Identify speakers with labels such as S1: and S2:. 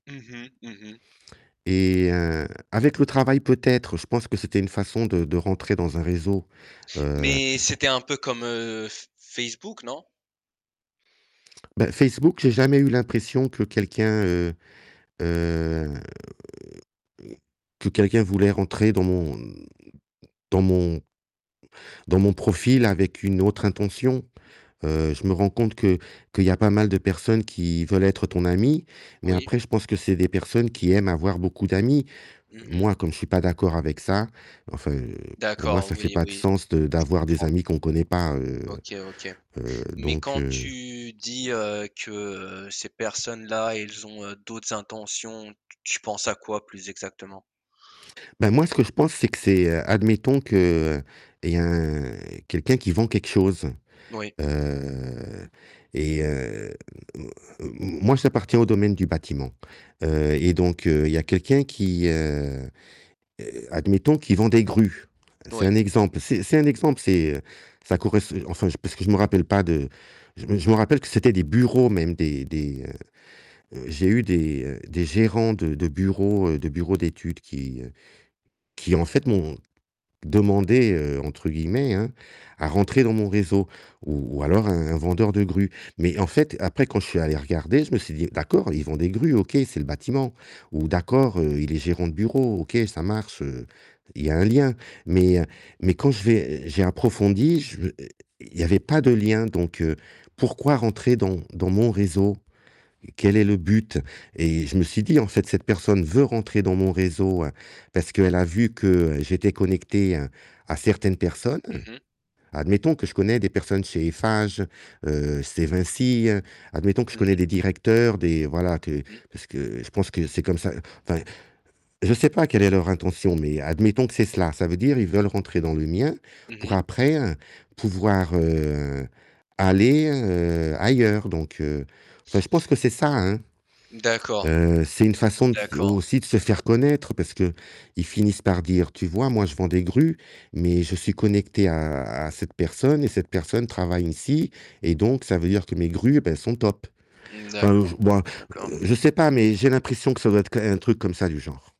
S1: Mmh mh. Mmh mh.
S2: Et, heu, avec le travail peut-être, je pense que c'était une façon de de rentrer dans un réseau, heu
S1: Mais c'était un peu comme F Facebook non?
S2: Bah, Facebook, j'ai jamais eu l'impression que quelqu'un, heu, heu, que quelqu'un voulait rentrer dans mon dans mon dans mon profil avec une autre intention. Heu, je me rends compte que qu'il y a pas mal de personnes qui veulent être ton ami, mais
S1: Oui.
S2: après je pense que c'est des personnes qui aiment avoir beaucoup d'amis.
S1: Mmh mh.
S2: Moi, comme je suis pas d'accord avec ça, enfin, heu, pour moi,
S1: D'accord,
S2: ça fait
S1: oui,
S2: pas de
S1: oui,
S2: sens de
S1: je
S2: d'avoir des
S1: comprends.
S2: amis qu'on connaît pas, heu
S1: OK, OK.
S2: heu,
S1: Mais
S2: donc
S1: quand
S2: heu
S1: tu dis, heu, que ces personnes-là, elles ont d'autres intentions, t tu penses à quoi plus exactement?
S2: Bah moi ce que je pense, c'est que c'est admettons qu'il y a quelqu'un qui vend quelque chose,
S1: Oui.
S2: heu, et heu, m m moi j'appartiens au domaine du bâtiment. Heu et donc heu, il y a quelqu'un qui, heu heu, admettons qui vend des grues, c'est
S1: Oui.
S2: un exemple, c'est c'est un exemple, c'est ça corres enfin parce que je me rappelle pas de je me je me rappelle que c'était des bureaux même, des des heu, heu, j'ai eu des, heu, des gérants de de bureaux de bureaux d'études qui qui en fait m'ont demandé, heu, entre guillemets, hein, «à rentrer dans mon réseau», ou ou alors un un vendeur de grues. Mais en fait, après quand je suis allé regarder, je me suis dit: «D'accord, ils vendent des grues, OK, c'est le bâtiment, ou d'accord, heu, il est gérant de bureau, OK, ça marche, heu, il y a un lien». Mais mais quand j'ai j'ai approfondi, je i i il y avait pas de lien, donc heu, pourquoi rentrer dans dans mon réseau? Quel est le but? Et je me suis dit: «En fait, cette personne veut rentrer dans mon réseau, parce qu'elle a vu que j'étais connecté à à certaines personnes».
S1: Mmh mh.
S2: Admettons que je connais des personnes chez Eiffage, heu, chez Vinci, admettons que je
S1: Mmh mh.
S2: connais des directeurs, des voilà que
S1: Mmh.
S2: parce que je pense que c'est comme ça, enfin, je sais pas quelle est leur intention, mais admettons que c'est cela, ça veut dire, ils veulent rentrer dans le mien,
S1: Mmh
S2: pour
S1: mh.
S2: après pouvoir, heu, aller, heu, ailleurs, donc heu, enfin, je pense que c'est ça, hein.
S1: D'accord,
S2: Heu, c'est une façon de
S1: d'accord.
S2: aussi de se faire connaître, parce qu'ils finissent par dire: «Tu vois moi je vends des grues, mais je suis connecté à à cette personne et cette personne travaille ici, et donc ça veut dire que mes grues, ben elles sont top».
S1: Mmh,
S2: Enfin, je
S1: d'accord,
S2: bon,
S1: d'accord.
S2: je sais pas, mais j'ai l'impression que ça doit être qu un truc comme ça du genre.